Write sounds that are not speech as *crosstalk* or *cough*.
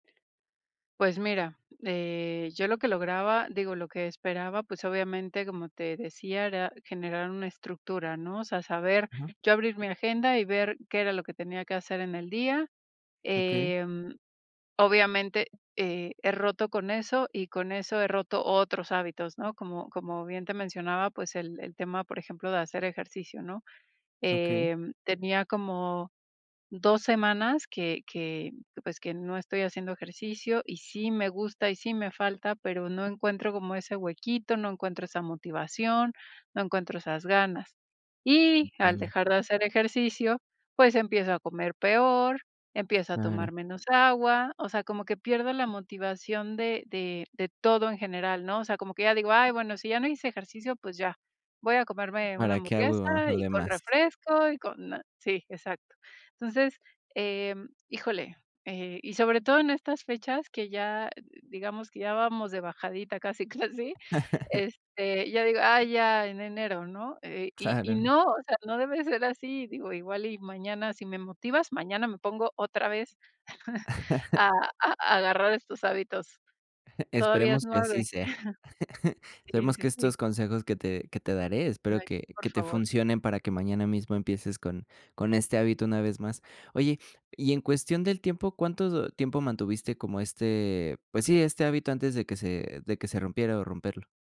Pues, mira, eh, yo lo que lograba, digo, lo que esperaba, pues obviamente, como te decía, era generar una estructura, ¿no? O sea, saber Ujú. yo abrir mi agenda, y ver qué era lo que tenía que hacer en el día, Okey. em, obviamente, eh, he roto con eso, y con eso he roto otros hábitos, ¿no? Como como bien te mencionaba, pues, el el tema, por ejemplo, de hacer ejercicio, ¿no? Okey. Em, tenía como, 2 semanas que que, pues, que no estoy haciendo ejercicio y sí me gusta y sí me falta, pero no encuentro como ese huequito, no encuentro esa motivación, no encuentro esas ganas. Y al Entiendo. dejar de hacer ejercicio, pues, empiezo a comer peor, empiezo a tomar Claro. menos agua, o sea, como que pierdo la motivación de de de todo en general, ¿no? O sea, como que ya digo: "Ay, bueno, si ya no hice ejercicio, pues ya, voy a comerme una ¿Para qué hamburguesa, hago lo y con demás? refresco y con na" Sí, exacto. Entonces, em, híjole, eh, y sobre todo en estas fechas que ya, digamos que ya vamos de bajadita casi, casi, *chuckles* este, ya digo: "Ay, ya, en enero, ¿no?". Y y Claro. no, o sea, no debe ser así, digo, igual y mañana si me motivas, mañana me pongo otra vez, *chuckles* a *chuckles* a agarrar estos hábitos. Todavía es Esperemos que así 9. sea. *chuckles* *chuckles* Sí, Esperemos sí, que sí. estos consejos que te que te daré, espero Ay, que por que te favor. funcionen para que mañana mismo empieces con con este hábito una vez más. Oye, y en cuestión del tiempo, ¿cuánto tiempo mantuviste como este, pues sí, este hábito antes de que se de que se rompiera, o, romperlo?